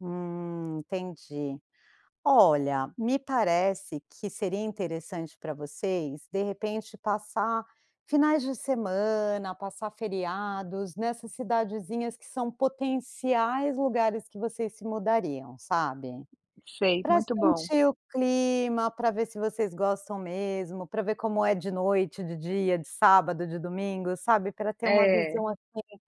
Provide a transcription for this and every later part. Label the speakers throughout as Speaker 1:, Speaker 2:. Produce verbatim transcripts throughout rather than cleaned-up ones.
Speaker 1: Hum, entendi. Olha, me parece que seria interessante pra vocês, de repente, passar finais de semana, passar feriados nessas cidadezinhas que são potenciais lugares que vocês se mudariam, sabe.
Speaker 2: Sei,
Speaker 1: Pra
Speaker 2: muito bom.
Speaker 1: sentir o clima, pra ver se vocês gostam mesmo, pra ver como é de noite, de dia, de sábado, de domingo, sabe, pra ter uma
Speaker 2: É.
Speaker 1: visão, assim,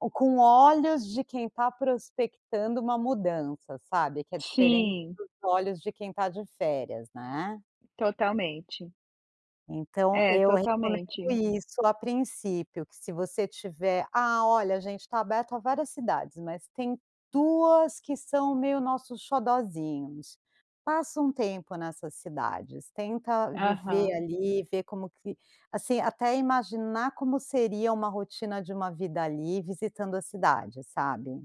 Speaker 1: o com olhos de quem tá prospectando uma mudança, sabe, que é diferente
Speaker 2: Sim.
Speaker 1: dos olhos de quem está de férias, né.
Speaker 2: Totalmente.
Speaker 1: Então
Speaker 2: É,
Speaker 1: eu recomendo
Speaker 2: totalmente.
Speaker 1: isso, a princípio. Que se você tiver: “Ah, olha, a gente está aberto a várias cidades, mas tem duas que são meio nossos xodózinhos”, passa um tempo nessas cidades, tenta viver
Speaker 2: Aham.
Speaker 1: ali e ver como que assim, até imaginar como seria uma rotina de uma vida ali, visitando a cidade, sabe.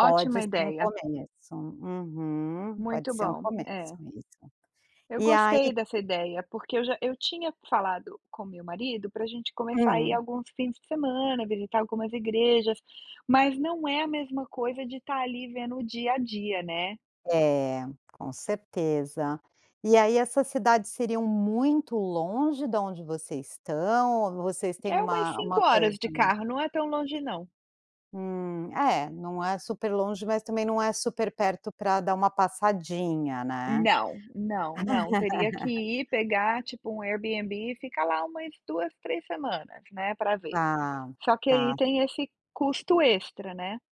Speaker 1: Pode ser um
Speaker 2: ideia.
Speaker 1: começo. Uhum. Pode
Speaker 2: Muito
Speaker 1: ser um
Speaker 2: bom.
Speaker 1: começo
Speaker 2: É.
Speaker 1: isso.
Speaker 2: Eu
Speaker 1: E aí
Speaker 2: gostei dessa ideia, porque eu já eu tinha falado com o meu marido para gente começar a ir
Speaker 1: Hum.
Speaker 2: alguns fins de semana, visitar algumas igrejas, mas não é a mesma coisa de estar ali vendo o dia a dia, né.
Speaker 1: É, com certeza. E aí, essas cidades seriam muito longe da onde vocês estão ou vocês têm
Speaker 2: É umas
Speaker 1: uma
Speaker 2: cinco
Speaker 1: uma
Speaker 2: horas
Speaker 1: coisa
Speaker 2: de carro, não é tão longe não.
Speaker 1: Hum. É, não é superlonge, mas também não é superperto para dar uma passadinha, né.
Speaker 2: Não, não, não, teria que ir, pegar, tipo, um Airbnb e ficar lá umas duas, três semanas, né, para ver.
Speaker 1: Tá,
Speaker 2: Só que aí
Speaker 1: tá.
Speaker 2: tem esse custo extra, né.